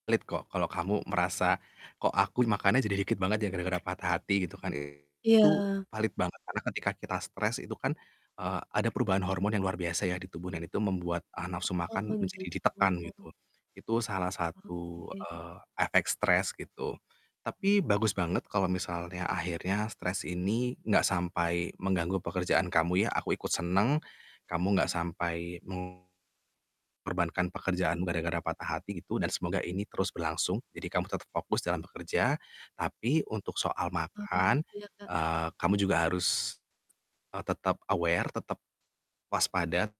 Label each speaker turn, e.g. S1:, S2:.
S1: Valid kok kalau kamu merasa, "Kok, aku makannya jadi dikit banget ya gara-gara patah hati," gitu kan ya. Itu
S2: Iya.
S1: valid banget karena ketika kita stres itu kan, eee, ada perubahan hormon yang luar biasa ya, di tubuh dan itu membuat, eee, nafsu
S2: Oh,
S1: makan menjadi
S2: begitu.
S1: ditekan gitu. Itu salah satu,
S2: Oke.
S1: eee, efek stres gitu. Tapi bagus banget kalau misalnya akhirnya stres ini gak sampai mengganggu pekerjaan kamu ya, aku ikut senang, kamu gak sampai mengorbankan pekerjaanmu gara-gara patah hati gitu dan semoga ini terus berlangsung, jadi kamu tetap fokus dalam bekerja, tapi untuk soal
S2: Oh
S1: makan,
S2: iya, Kak.
S1: eee, kamu juga harus, eee, tetap aware, tetap waspada.